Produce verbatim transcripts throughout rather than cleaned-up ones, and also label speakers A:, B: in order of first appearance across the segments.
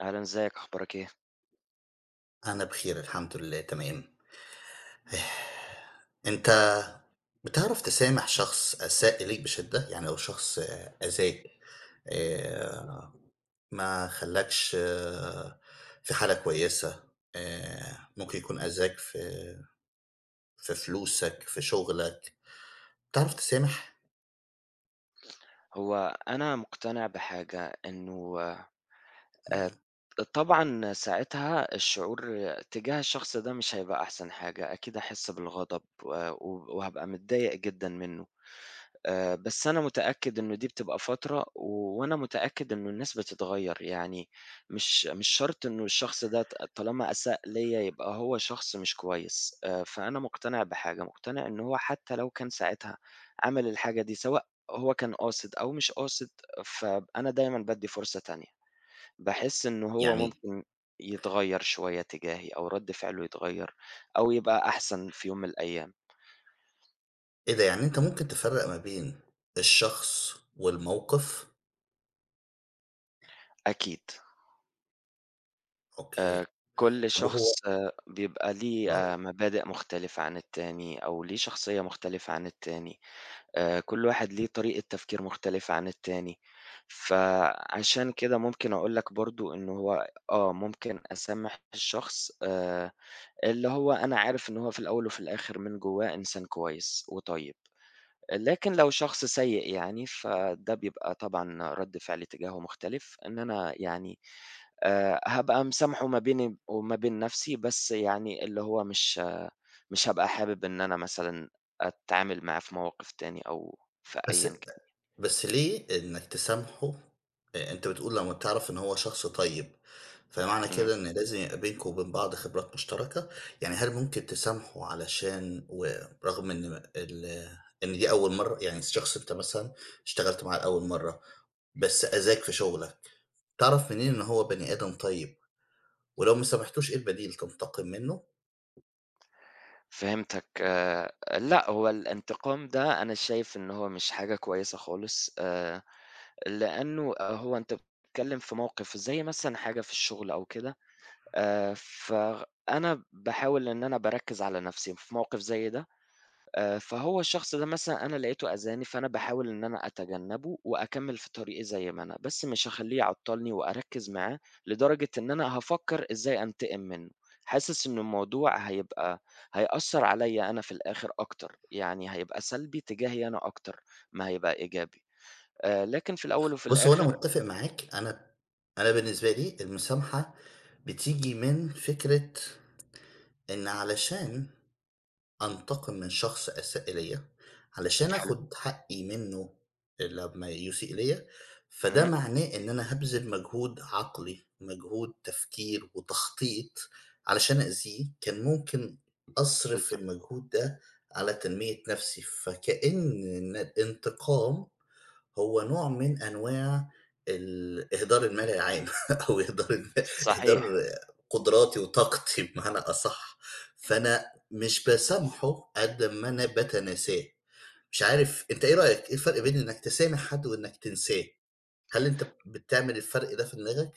A: أهلًا إزيِك أخبارك إيه؟
B: أنا بخير الحمد لله تمام. أنت بتعرف تسامح شخص أساء إليك بشدة يعني لو شخص أذاك، آآ ما خلاكش في حالة كويسة، آآ ممكن يكون أذاك في في فلوسك في شغلك تعرف تسامح؟
A: هو أنا مقتنع بحاجة، إنه آآ
B: امم.
A: طبعًا ساعتها الشعور تجاه الشخص ده مش هيبقى أحسن حاجة أكيد هاحس بالغضب و وهابقى متضايق جدًا منه، آآ بس أنا متأكد إنه دي بتبقى فترة وأنا متأكد إنه الناس بتتغير، يعني مش مش شرط إنه الشخص ده ط طالما أساء ليّا يبقى هو شخص مش كويس، آآ فأنا مقتنع بحاجة مقتنع إنه هو حتى لو كان ساعتها عمل الحاجة دي، سواء هو كان قاصد أو مش قاصد، فأنا دايمًا بادي فرصة تانية باحس إنه هو
B: يعني
A: ممكن يتغيّر شوية تجاهي أو رد فعله يتغير أو يبقى أحسن في يوم من الأيام.
B: إبه ده يعني أنت ممكن تفرّق ما بين الشخص والموقف؟
A: أكيد.
B: أوكي،
A: آآ كل
B: طَب
A: شخص
B: وهو
A: بيبقى ليه
B: آه.
A: آآ مبادئ مختلِفة عن التاني أو ليه شخصيّة مختلِفة عن التاني آآ، كل واحد ليه طريقة تفكير مختلِفة عن التاني فعشان كده ممكن أقول لك برضه إن هو آه، ممكن أسامح الشخص آآ اللي هو أنا عارف إن هو في الأول وفي الآخِر من جوّاه إنسان كويس وطيب، لكن لو شخص سيئ يعني فده بيبقى طبعًا رَد فعلي تجاهه مختلِف إن أنا يعني آآ هابقى مسامحة ما بيني وما بين نفْسي بس يعني اللي هو مش مش هابقى حابب إن أنا مثلًا أتعامل معه في مواقف تاني أو في
B: بس
A: أيًا
B: أ
A: كان يعني.
B: بس ليه إنك تسامحه، أ أنت بتقول لمّا بتعرَف إنه هو شخص طيب فمعنى
A: امم.
B: كده إن لازم يبقي بينكم وبين بعض خِبرات مشترَكة يعني هل ممكن تسامحه علشان و رغم إن ال إن دي أول مرّة، يعني الشخص أنت مثلًا اشتغلت معاه لأول مرّة بس أذاك في شُغلك تعرَف منين إن هو بني آدم طيب ولو ما سمحتوش إيه البديل تنتقم منُّه؟
A: فهِمتك، لأ هو الانتقام ده أنا شايف إن هو مش حاجة كويسة خالص آآ، لأنه هو أنت بتتكلّم في موقِف زي مثلًا حاجة في الشغل أو كده آآ، فأنا باحاول إن أنا بأركّز على نَفْسي في موقِف زي ده آآ، فهو الشخص ده مثلًا أنا لقيته أذاني، فأنا باحاول إن أنا أتجنّبه وأكمّل في طريقي زي ما أنا بس مش هاخلّيه يعطّلني وأركّز معاه لدرجة إن أنا هافكّر إزاي أنتقم منُّه حاسس إنه الموضوع هيبقى هيأثّر عليَّ أنا في الآخِر أكتر، يعني هيبقى سلبي تجاهي أنا أكتر ما هيبقى إيجابي آآ لكن في الأول وفي
B: بُصّ، هو أنا
A: الآخِر
B: متّفق معاك، أنا أنا بالنسبة لي المسامحة بتيجي من فكرة إن علشان أنتقم من شخص أساء إليَّ، علشان
A: حلو.
B: آخُد حقّي منُّه لمّا يسيء ليَّ، فده
A: امم.
B: معناه إن أنا هابذِل مجهود عقلي، مجهود تفكير وتخطيط علشان أأذيه، كان ممكن أصرِف
A: بالضبط.
B: المجهود ده على تنمية نَفْسي، فكأن ن الانتقام هو نوع من أنواع الإهدار المال العام أو إهدار الم إهدار
A: صحيح.
B: قدُراتي وطاقتي بمعنى أصح، فأنا مش باسامحه قد ما أنا باتناساه، مش عارف أنت إيه رأيك؟ إيه الفرْق بين إنك تسامح حد وإنك تنساه، هل أنت بتعمل الفرْق ده في دماغك؟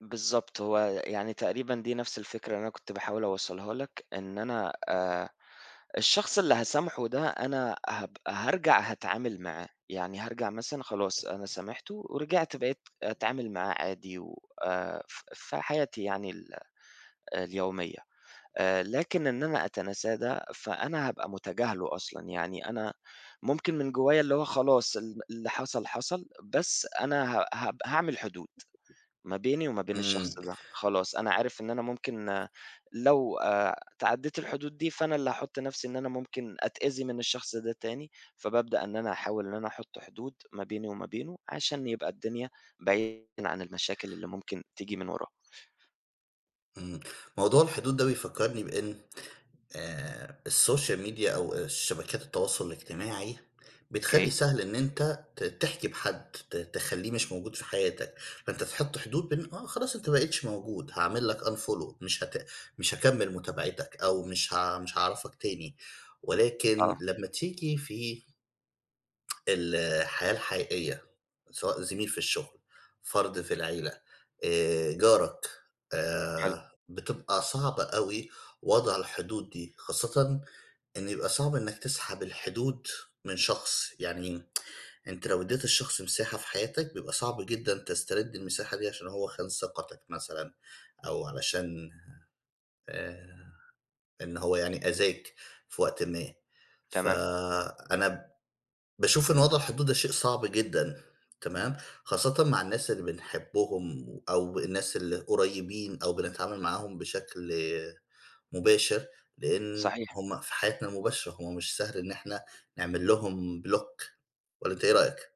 A: بالضبط هو يعني تقريبًا دي نفْس الفكرة اللي أنا كنت باحاول أوصلها لك، إن أنا آآ الشخص اللي هاسامحه ده أنا هابقى هارجع هاتعامل معاه، يعني هارجع مثلًا خلاص أنا سامحته ورجعت بقيت أتعامل معاه عادي و آآ ف في حياتي يعني ال اليوميّة، آآ لكن إن أنا أتناساه ده فأنا هابقى متجاهله أصلًا، يعني أنا ممكن من جوّايا اللي هو خلاص ال اللي حصل حصل بس أنا ه ه هاعمل حدود ما بيني وما بين
B: إمم.
A: الشخص ده، خلاص أنا عارف إن أنا ممكن لو آآ تعديت الحدود دي فأنا اللي هاحط نفْسي إن أنا ممكن أتأذي من الشخص ده تاني، فبابدأ إن أنا أحاول إن أنا أحط حدود ما بيني وما بينه عشان يبقى الدنيا بعيدًا عن المشاكل اللي ممكن تيجي من وراه.
B: إمم، موضوع الحدود ده بيفكرني بإن آآ الSocial Media أو شبكات التواصل الاجتماعي،
A: أوكي.
B: بتخلّي سهل إن أنت ت تحجب حد ت تخلّيه مش موجود في حياتك، فأنت تحط حدود ب آه خلاص أنت ما بقيتش موجود هاعمل لك unfollow مش هت مش هاكمّل متابعتك، أو مش ه مش هاعرفك تاني ولكن
A: آه.
B: لمّا تيجي في الحياة الحقيقيّة سواء زميل في الشغل فرد في العيلة آآ جارك،
A: حلو.
B: آآ بتبقى صعبة أوي وضع الحدود دي خاصًة إن بيبقى صعب إنّك تسحب الحدود من شخص، يعني أنت لو ادِيّت الشخص مساحة في حياتك بيبقى صعب جدًا تسترد المساحة دي عشان هو خان ثقتك مثلًا، أو علشان آآ إن هو يعني أذاك في وقت ما، ف
A: تمام.
B: أنا باشوف إن وضع الحدود ده شيء صعب جدًا تمام؟ خاصةً مع الناس اللي بنحبهم أو الناس اللي قريبين أو بنتعامل معاهم بشكل مباشر، لأن
A: صحيح.
B: هُم في حياتنا المباشرة هُم مش سهل إن إحنا نعمل لهم بلوك والّا أنت إيه رأيك؟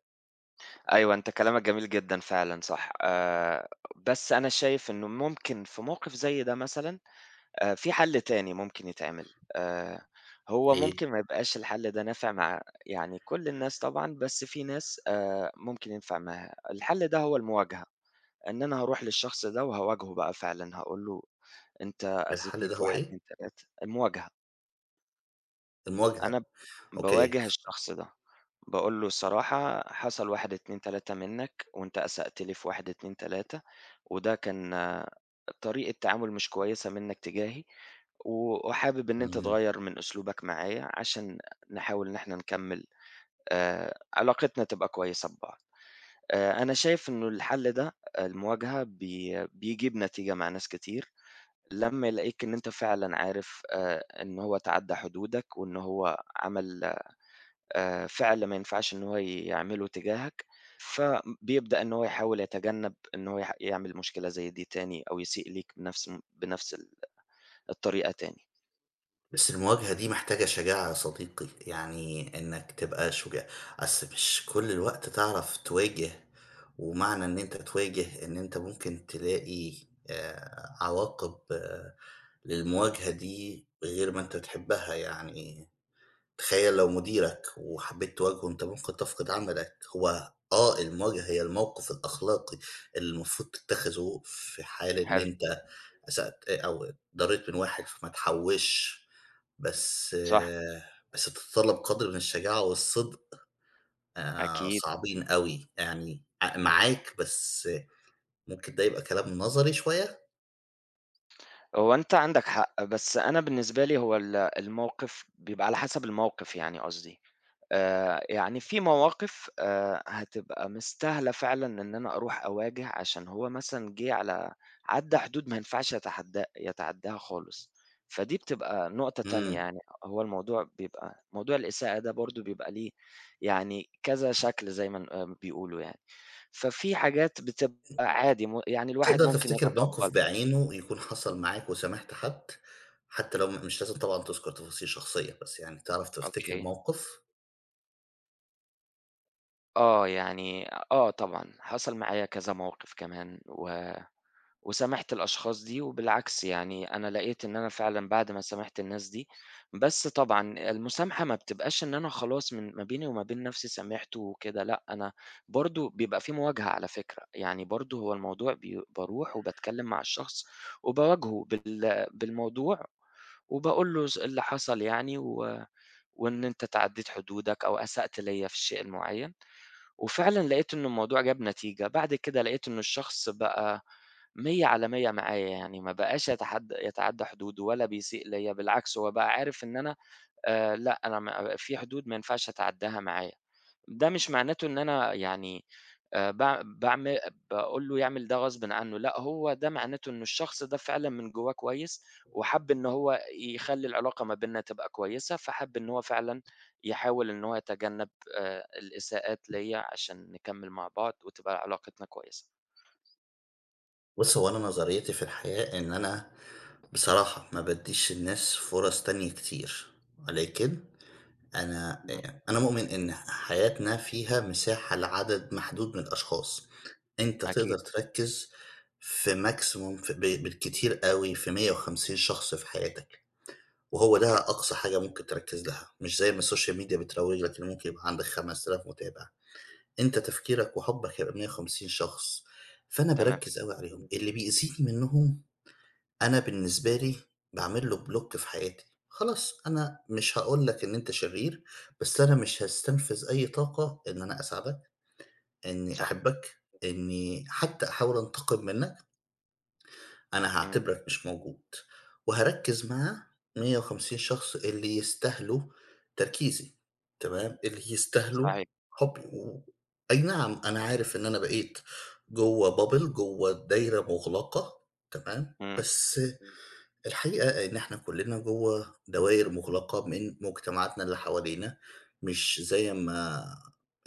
A: أيوه أنت كلامك جميل جدًا فعلًا صح، آآ بس أنا شايف إنه ممكن في موقف زي ده مثلًا آآ في حل تاني ممكن يتعمل، آآ هو
B: ليه؟
A: ممكن ما يبقاش الحل ده نافع مع يعني كل الناس طبعًا، بس في ناس آآ ممكن ينفع معاها، الحل ده هو المواجهة إن أنا هاروح للشخص ده وهاواجهه بقى فعلًا هاقول له أنت
B: الحل
A: أذيتْني
B: ده
A: في
B: هو
A: واحد
B: إيه؟
A: اتنين تلاتة المواجهة.
B: المواجهة
A: أنا
B: أوكي
A: باواجه الشخص ده، باقول له الصراحة حصل واحد اتنين تلاتة منّك، وأنت أسأت لي في واحد اتنين تلاتة وده كان طريقة تعامل مش كويسة منّك تجاهي، و وحابب إن أنت
B: إمم.
A: تغيّر من أسلوبك معايا عشان نحاول إن إحنا نكمّل آآ علاقتنا تبقى كويسة ببعض، آآ أنا شايف إنه الحل ده المواجهة بي بيجيب نتيجة مع ناس كتير، لمّا يلاقيك إن أنت فعلًا عارف آآ إن هو تعدّى حدودك وإن هو عمل آآ فعل ما ينفعش إن هو يعمله تجاهك، فبيبدأ إن هو يحاول يتجنّب إنه هو يح يعمل مشكلة زي دي تاني أو يسيء ليك بنفس بنفس ال الطريقة تاني.
B: بس المواجهة دي محتاجة شجاعة يا صديقي يعني إنك تبقى شجاع، أصل مش كل الوقت تعرف تواجه، ومعنى إن أنت تواجه إن أنت ممكن تلاقي آآ عواقب للمواجهة دي بغير ما أنت تحبها يعني، تخيل لو مديرك وحبيت تواجهه أنت ممكن تفقد عملك هو آه المواجهة هي الموقف الأخلاقي اللي المفروض تتخذه في حال إن
A: حلو.
B: أنت أسأت أو اتضريت من واحد فما تحوشش، بس
A: صح.
B: بس بتتطلب قدر من الشجاعة والصدق، آآ
A: أكيد.
B: صعبين أوي يعني ع معاك بس ممكن ده يبقى كلام نظري شوية.
A: هو أنت عندك حق، بس أنا بالنسبة لي هو ال الموقف بيبقى على حسب الموقف يعني قصدي، آآ يعني في مواقف آآ هتبقى مستاهلة فعلًا إن أنا أروح أواجه عشان هو مثلًا جه على عدّى حدود ما ينفعش يتحدا يتعداها خالص، فدي بتبقى نقطة تانية
B: إمم.
A: يعني هو الموضوع بيبقى موضوع الإساءة ده برضه بيبقى ليه يعني كذا شكل زيّ ما ن آآ ما بيقولوا يعني، ففي حاجات بتبقى عادي م يعني الواحد
B: تقدر
A: ممكن
B: تفتكر موقف
A: يتقبلها.
B: بعينه ويكون حصل معاك وسامحت حد، حتى لو م مش لازم طبعًا تُذكر تفاصيل شخصية بس يعني تعرف تفتكر
A: أوكي.
B: موقف؟
A: آه، يعني آه طبعًا، حصل معايا كذا موقِف كمان و وسامحت الأشخاص دي وبالعكس يعني أنا لقيت إن أنا فعلًا بعد ما سامحت الناس دي بس طبعًا المسامحة ما بتبقاش إن أنا خلاص من ما بيني وما بين نَفْسي سامحت وكده لأ، أنا برضه بيبقى في مواجهة على فكرة، يعني برضه هو الموضوع بي باروح وباتكلّم مع الشخص وباواجهه بال بالموضوع وباقول له س اللي حصل يعني و وإن أنت اتعدّيت حدودك أو أسأت ليّا في الشيء المعيّن وفعلًا لقيت إنّه الموضوع جاب نتيجة، بعد كده لقيت إنّه الشخص بقى مِيّة على مِيّة معايا، يعني ما باقاش يتحدّى يتعدّى حدوده ولا بيسيء ليّا بالعكس، هو بقى عارف إن أنا آآ لأ، أنا ما في حدود ما ينفعش أتعدّاها معاه. ده مش معناته إن أنا يعني آآ باع باعم باقول له يعمل ده غصبٍ عنّه، لأ هو ده معناته إنّه الشخص ده فعلًا من جوّاه كويّس وحَب إنّه هو يخلّي العلاقة ما بيننا تبقى كويّسة، فحَب إنّه هو فعلًا يحاول إن هو يتجنَّب آآ الإساءات ليّا عشان نكمّل مع بعض وتبقى علاقتنا كويسة.
B: بُص، هو أنا نظريّتي في الحياة إن أنا بصراحة ما بادّيش الناس فُرَص تانية كتير، ولكن أنا
A: [unintelligible]
B: آآ أنا مؤمن إن ح حياتنا فيها مساحة لعدد محدود من الاشخاص، أنت
A: أكيد.
B: تقدر تركِّز في maximum في ب بالكتير أوي في مِيّة وخمسين شخص في حياتك وهو ده
A: أوكي.
B: أقصى حاجة ممكن تركِّز لها مش زي ما السوشيال ميديا بتروَّج لك إنه ممكن يبقى عندك خَمَس آلاف متابع. أنت تفكيرك وحُبّك هيبقى بمِيّة وخمسين شخص، فأنا
A: تمام.
B: باركِّز أوي عليهم، اللي بيزيد منّهم، أنا بالنسبة لي باعمل له block في حياتي. خلاص أنا مش هاقول لك إن أنت شرير، بس أنا مش هاستنفذ أي طاقة إن أنا أساعدك، إنّي
A: صح.
B: أحبك، إنّي حتّى أحاول أنتقم منّك. أنا
A: إمم.
B: هاعتبرك مش موجود وهاركِّز مع مِيّة وخمسين شخص اللي يستاهلوا تركيزي تمام، اللي يستاهلوا
A: صحيح.
B: حُبّي أي نعم أنا عارف إن أنا بقيت جوّه bubble، جوّه دايرة مُغلقة تمام،
A: إمم.
B: بس الحقيقة إن إحنا كُلّنا جوّه دواير مُغلقة من مجتمعاتنا اللي حوالينا مش زي ما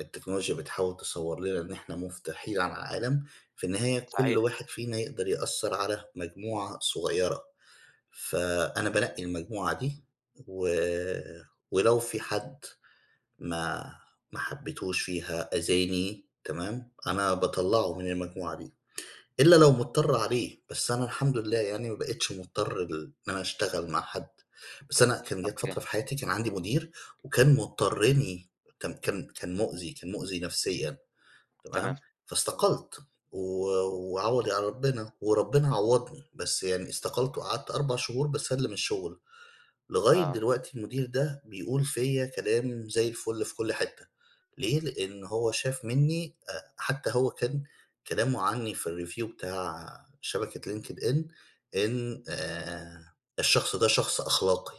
B: التكنولوجيا بتحاول تصوَّر لنا إن إحنا مُفتوحين على العالم في النهاية كل
A: صحيح.
B: واحد فينا يقدر يأثّر على مجموعة صغيرة، فأنا بانقّي المجموعة دي و ولو في حد ما ما حبّيتوش فيها أذاني تمام، أنا باطلّعه من المجموعة دي إلّا لو مضطر عليه، بس أنا الحمد لله يعني ما بقيتش مضطر لل إن أنا أشتغل مع حد، بس أنا كان جات
A: أوكي.
B: فترة في حياتي كان عندي مدير وكان مُضطرِّني كان كان كان مُؤذي، كان مُؤذي نفسيًا
A: تمام.
B: تمام، فاستقلت و وعوضي على ربِّنا وربِّنا عوَّضني، بس يعني استقلت وقعدت أربع شهور باسلِّم الشُغل. لغاية
A: آه.
B: دلوقتي المدير ده بيقول فيّا كلام زي الفُل في كل حتّة ليه؟ لإن هو شاف منّي آآ حتّى هو كان كلامه عنّي في الreview بتاع شبكة linked in إن آآ "الشخص ده شخص أخلاقي،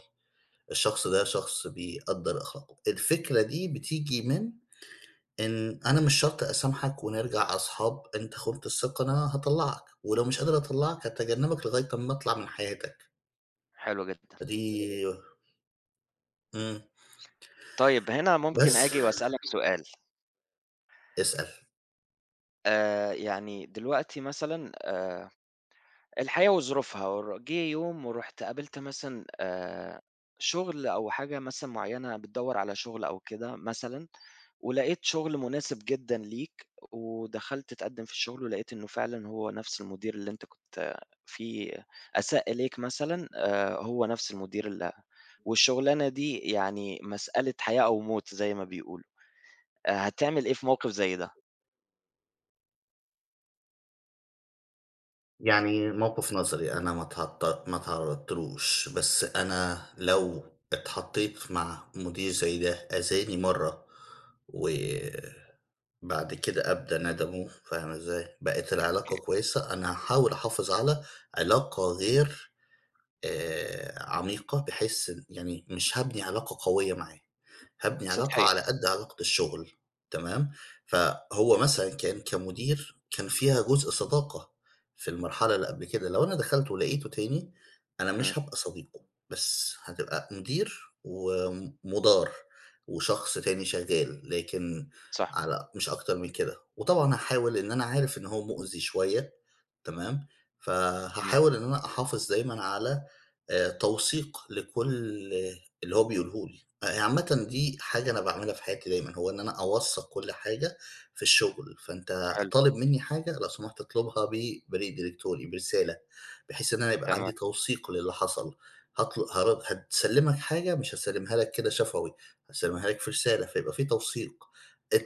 B: الشخص ده شخص بيقدّر أخلاقه." الفكرة دي بتيجي من إن أنا مش شرط أسامحك ونرجع أصحاب، أنت خُنت الثقة أنا هاطلّعك ولو مش قادر أطلّعك، هاتجنّبك لغاية أمّا أطلع من حياتك.
A: حلو جدًا.
B: دي إمم.
A: طيب، هنا ممكن
B: بس.
A: آجي وأسألك سؤال؟
B: أسأل.
A: آآ يعني دلوقتي مثلًا آآ الحياة وظروفها ور جه يوم ورُحت قابلت مثلًا آآ شُغل أو حاجة مثلًا معيّنة بتدوّر على شُغل أو كده مثلًا ولقيت شُغل مناسِب جدًا ليك ودخَلت تقدِّم في الشغل ولقيت إنّه فعلًا هو نفْس المدير اللي أنت كنت في أساء إليك مثلًا آآ هو نفْس المدير ال والشغلانة دي يعني مسألة حياة أو موت زي ما بيقولوا آآ، هتعمل إيه في موقِف زي ده؟
B: يعني موقِف نظري أنا ما تعط ما تعرّضتلوش بس أنا لو اتحطّيت مع مدير زي ده أذاني مرّة وبعد كده أبدى ندمه، فاهمة إزاي بقت العلاقة
A: أوكي.
B: كويّسة، أنا هاحاول أحافظ على علاقة غير آآ عميقة، بحيث إن يعني مش هابني علاقة قويّة معاه. هابني علاقة
A: سطحية.
B: على قد علاقة الشغل تمام، فهو
A: صح.
B: مثلًا كان كمدير كان فيها جزء صداقة في المرحلة اللي قبْل كده، لو أنا دخَلت ولقيته تاني أنا
A: إمم.
B: مش هابقى صديقه بس هتبقى مدير ومُدار وشخص تاني شغّال، لكن
A: صح.
B: على مش أكتر من كده وطبعًا هاحاول إن أنا عارف، إن هو مؤذي شويّة تمام،
A: إمم.
B: فهاحاول إن أنا أحافظ دايمًا على آآ توثيق لكلّ اللي هو بيقوله لي عامًة دي حاجة أنا باعملها في حياتي دايمًا، هو إن أنا أوثّق كل حاجة في الشغل، فأنت
A: حلو
B: طالب منّي حاجة لو سمحت اطلبها ب بريد إلكتروني، برسالة، بحيث إن أنا يبقى
A: تمام.
B: عندي توثيق للي حصَل، هط هار هاسلّمك حاجة مش هاسلّمها لك كده شفوي هاسلّمها لك في رسالة، فيبقى في توثيق،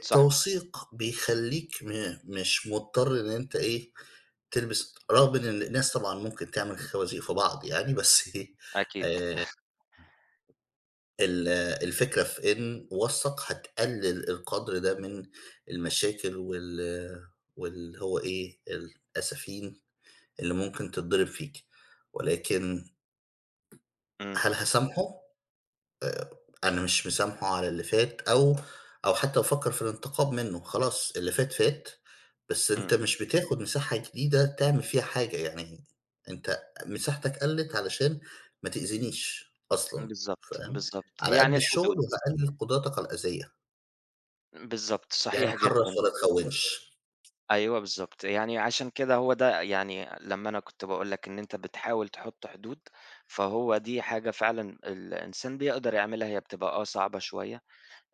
A: صح.
B: بيخلّيك م مش مضطَر إن أنت إيه، تلبِس رغم إن الناس طبعًا ممكن تعمل خوازيق في بعض يعني بس إيه
A: أكيد.
B: آآ ال الفكرة في إن وثّق هتقلّل القدْر ده من المشاكل وال واللي هو إيه، الأسافين اللي ممكن تتضرَب فيك ولكن
A: إمم.
B: هل هاسامحه، آآ أنا مش مسامحه على اللي فات أو أو حتى أفكر في الانتقام منّه، خلاص اللي فات، فات، بس
A: إمم.
B: أنت مش بتاخد مساحة جديدة تعمل فيها حاجة، يعني أنت مساحتك قَلَّت علشان ما تأذنيش
A: إمم،
B: أصلًا
A: بالضبط،
B: فاهم،
A: بالضبط
B: على قد
A: يعني
B: الشغل
A: الحدود.
B: وباقلّل قدراتك على الأذية.
A: بالضبط،
B: يعني
A: صحيح
B: حِرص
A: جدًا.
B: ولا تخونش.
A: أيوه بالضبط، يعني عشان كده هو ده يعني لمّا أنا كنت باقول لك إن أنت بتحاول تحُط حدود، فهو دي حاجة فعلًا الإنسان بيقدَر يعملها، هي بتبقى آه صعبة شوية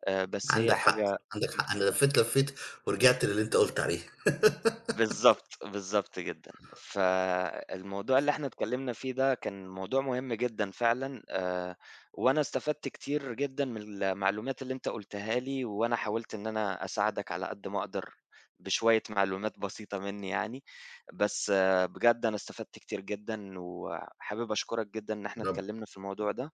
A: آآ، بس هي
B: عندك حق،
A: حاجة
B: عندك حق، أنا
A: بتبقى
B: لفّيت، لفّيت ورجِعت للي أنت قُلت عليه.
A: بالضبط، بالضبط، جدًا، فالموضوع اللي إحنا اتكلّمنا في ده كان موضوع مهم جدًا فعلًا آآ وأنا استفدت كتير جدًا من المعلومات اللي أنت قُلتها لي وأنا حاولت إن أنا أساعدك على قد ما أقدر بشويّة معلومات بسيطة مني يعني بس بجد أنا استفدت كتير جدًا وحابب أشكُرك جدًا إن إحنا
B: رب
A: اتكلّمنا في الموضوع ده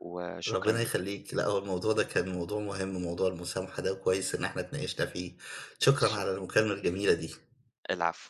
A: وشكرًا
B: ربّنا
A: ليك.
B: يخلّيك، لأ هو الموضوع ده كان موضوع مهم موضوع المسامحة ده وكويس إن احنا اتناقشنا في شكرًا على
A: شكرًا.
B: المكالمة الجميلة دي.
A: العفو.